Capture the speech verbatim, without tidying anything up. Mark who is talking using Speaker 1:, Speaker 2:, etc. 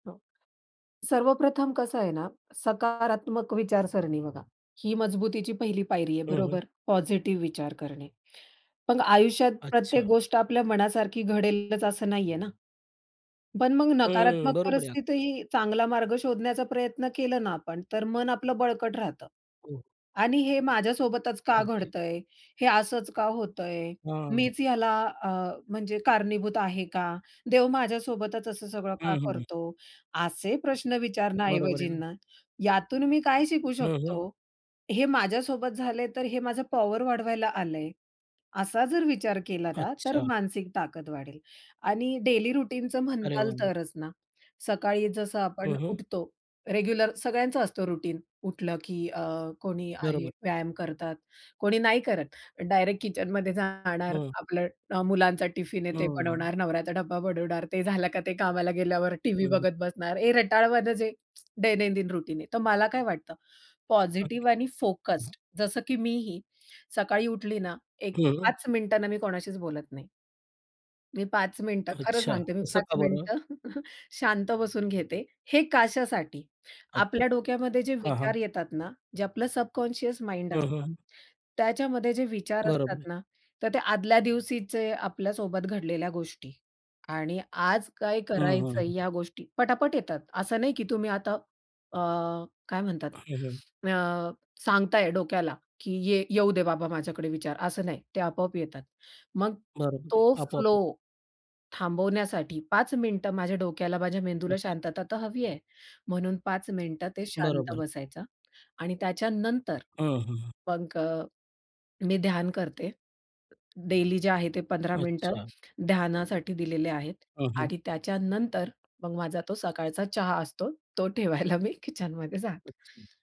Speaker 1: हां. सर्वप्रथम कसं आहे ना, सकारात्मक विचारसरणी बघा. ही मजबुतीची पहिली पायरी आहे
Speaker 2: हं, हं.
Speaker 1: बरोबर, पॉझिटिव्ह विचार करणे. पण आयुष्यात प्रत्येक
Speaker 2: अच्छा.
Speaker 1: गोष्ट आपल्या मनासारखी घडेलच असं नाहीये ना. पण मग
Speaker 2: हं, हं, हं.
Speaker 1: नकारात्मक
Speaker 2: बरोबर आहे [unintelligible]
Speaker 1: परिस्थितीही चांगला मार्ग शोधण्याचा प्रयत्न केला ना आपण, तर मन आपलं बळकट राहतं.
Speaker 2: हं.
Speaker 1: आणि हे माझ्यासोबतच का
Speaker 2: ओके.
Speaker 1: घडतंय, हे असंच का होतंय,
Speaker 2: हां.
Speaker 1: मीच याला अ, म्हणजे कारणीभूत आहे का, देव माझ्यासोबतच असं सगळं का
Speaker 2: हं, हं.
Speaker 1: करतो? असे प्रश्न
Speaker 2: बरोबर आहे
Speaker 1: विचारण्याऐवजीं
Speaker 2: ना.
Speaker 1: ना, यातून मी काय शिकू
Speaker 2: हं, हं.
Speaker 1: शकतो, हे माझ्यासोबत झालंय तर हे माझं पॉवर वाढवायला आलंय. असा जर विचार केला ना, तर
Speaker 2: अच्छा.
Speaker 1: मानसिक ताकद वाढेल. आणि डेली रूटीनचं
Speaker 2: अरे
Speaker 1: म्हणाल
Speaker 2: वाह, वाह!
Speaker 1: तरच ना, सकाळी जसं आपण
Speaker 2: हं, हं.
Speaker 1: उठतो रेग्युलर. सगळ्यांचा असतो रुटीन उठलं की अ, कोणी आहे
Speaker 2: बरोबर.
Speaker 1: व्यायाम करतात, कोणी नाही करत डायरेक्ट किचनमध्ये जाणार.
Speaker 2: हं.
Speaker 1: आपलं अ, मुलांचा टिफिन आहे ते
Speaker 2: हं.
Speaker 1: बनवणार, नवऱ्याचा डब्बा बनवणार, ते झालं का ते कामाला गेल्यावर टीव्ही
Speaker 2: हं, हं.
Speaker 1: बघत बसणार. हे रटाळवाणं जे, दैनंदिन रुटीन आहे. तर मला काय वाटतं`
Speaker 2: ओके.
Speaker 1: पॉझिटिव्ह आणि
Speaker 2: [unintelligible]
Speaker 1: फोकस्ड जसं की मी ही सकाळी उठली ना, एक
Speaker 2: हं.
Speaker 1: पाच मिनिटं ना, मी कोणाशीच बोलत नाही. मी पाच मिनिटं खरं
Speaker 2: अच्छा.
Speaker 1: सांगते. मी
Speaker 2: असं
Speaker 1: पाच
Speaker 2: का बरं?
Speaker 1: मिनिटं शांत बसून घेते. हे कशासाठी,
Speaker 2: अच्छा.
Speaker 1: आपल्या डोक्यामध्ये जे
Speaker 2: हां, हां.
Speaker 1: विचार येतात ना, जे आपलं सबकॉन्शियस माइंड
Speaker 2: हं,
Speaker 1: असतं,
Speaker 2: हं.
Speaker 1: त्याच्यामध्ये जे विचार
Speaker 2: बरोबर आहे.
Speaker 1: असतात ना, तर ते आदल्या दिवशीचे आपल्यासोबत घडलेल्या गोष्टी आणि आज काय
Speaker 2: हं,
Speaker 1: करायचंय
Speaker 2: हं.
Speaker 1: या गोष्टी पटापट येतात. असं नाही की तुम्ही आता अ, काय म्हणतात
Speaker 2: हं, हं.
Speaker 1: अ, सांगताय डोक्याला, की ये येऊदे बाबा माझ्याकडे विचार, असं नाही. ते आपोआप येतात. मग
Speaker 2: बरोबर आहे.
Speaker 1: तो फ्लो
Speaker 2: आपोआप.
Speaker 1: थांबवण्यासाठी पाच मिनिटं माझ्या डोक्याला, माझ्या मेंदूला
Speaker 2: [unintelligible]
Speaker 1: शांतता तर हवी आहे. म्हणून पाच मिनिटं ते शांत
Speaker 2: बरोबर.
Speaker 1: बसायचा आणि त्याच्यानंतर
Speaker 2: हं, हं.
Speaker 1: मग अ, मी ध्यान करते. डेली जे आहे ते पंधरा मिनिटं
Speaker 2: अच्छा!
Speaker 1: ध्यानासाठी दिलेले आहेत
Speaker 2: हं, हं.
Speaker 1: आणि त्याच्यानंतर मग माझा तो सकाळचा चहा असतो. तो ठेवायला मी किचनमध्ये जाते.
Speaker 2: अच्छा.